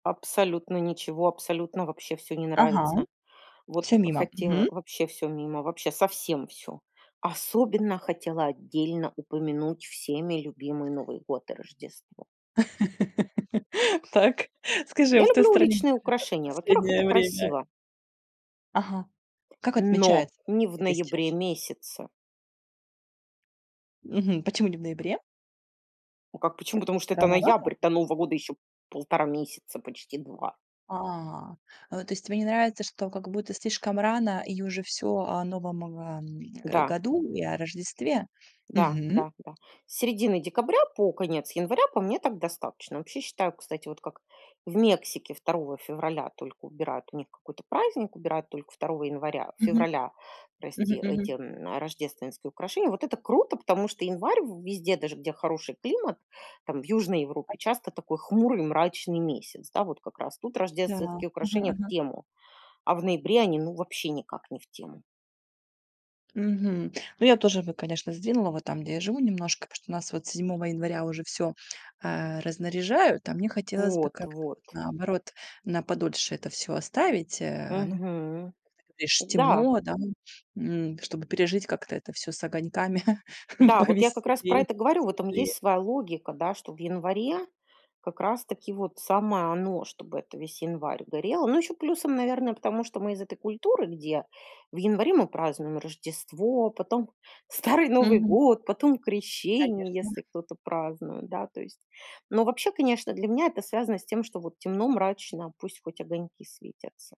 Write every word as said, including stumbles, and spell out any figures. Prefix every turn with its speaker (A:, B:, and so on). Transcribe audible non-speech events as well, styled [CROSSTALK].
A: Абсолютно ничего. Абсолютно вообще всё не
B: Ага,
A: нравится.
B: всё
A: Вот
B: мимо.
A: хотела
B: Мгм.
A: вообще всё мимо. Вообще совсем всё. Особенно хотела отдельно упомянуть всеми любимый Новый год и Рождество.
B: [LAUGHS] Так, скажи, а
A: Я
B: в той
A: люблю
B: стране, где
A: уличные
B: ты живёшь в
A: украшения. Во-первых, это
B: последнее время?
A: красиво.
B: Ага. Как
A: Но
B: отмечается,
A: не в
B: где ты сейчас
A: ноябре
B: живёшь?
A: месяце.
B: Мгм. Почему не в ноябре?
A: Ну как почему? Потому что это
B: Рановато?
A: ноябрь. До нового года еще полтора месяца почти два.
B: А, э, то есть тебе не нравится, что как будто слишком рано и уже всё о Новом, э,
A: Да.
B: году и о Рождестве?
A: Да.
B: Мгм.
A: Да. Да. С середины декабря по конец января по мне так достаточно. Вообще, считаю, кстати, вот как в Мексике второго февраля только убирают у них какой-то праздник, убирают только второго января,
B: Мгм.
A: февраля
B: Мгм
A: прости, эти,
B: мгм.
A: м, рождественские украшения. Вот это круто, потому что январь в везде, даже где хороший климат, там в южной Европе
B: [UNINTELLIGIBLE]
A: часто такой хмурый, мрачный месяц, да. Вот как раз тут
B: Да,
A: рождественские
B: мгм
A: украшения в
B: мгм.
A: тему, а в ноябре они ну вообще никак не в тему.
B: Мгм. Ну я тоже бы, конечно, сдвинула вот там, где я живу немножко, потому что нас вот седьмого января уже всё, а, разнаряжают, а мне хотелось бы
A: Вот,
B: как-то вот
A: вот.
B: наоборот на подольше это всё оставить, э. Ну,
A: Мгм.
B: ришь,
A: Да.
B: темно, да, м, чтобы пережить как-то это всё с огоньками,
A: Да.
B: [CHUCKLES]
A: Вот я как раз про
B: повеселее,
A: это говорю. В этом есть
B: посветлее.
A: своя логика, да, что в январе как раз таки вот самое оно, чтобы это весь январь горело. Ну ещё плюсом, наверное, потому что мы из этой культуры, где в январе мы празднуем Рождество, потом Старый Новый
B: Мгм.
A: год, потом Крещение, если
B: Конечно.
A: кто-то празднует, да, то есть. Но вообще, конечно, для меня это связано с тем, что вот темно мрачно, пусть хоть огоньки светятся.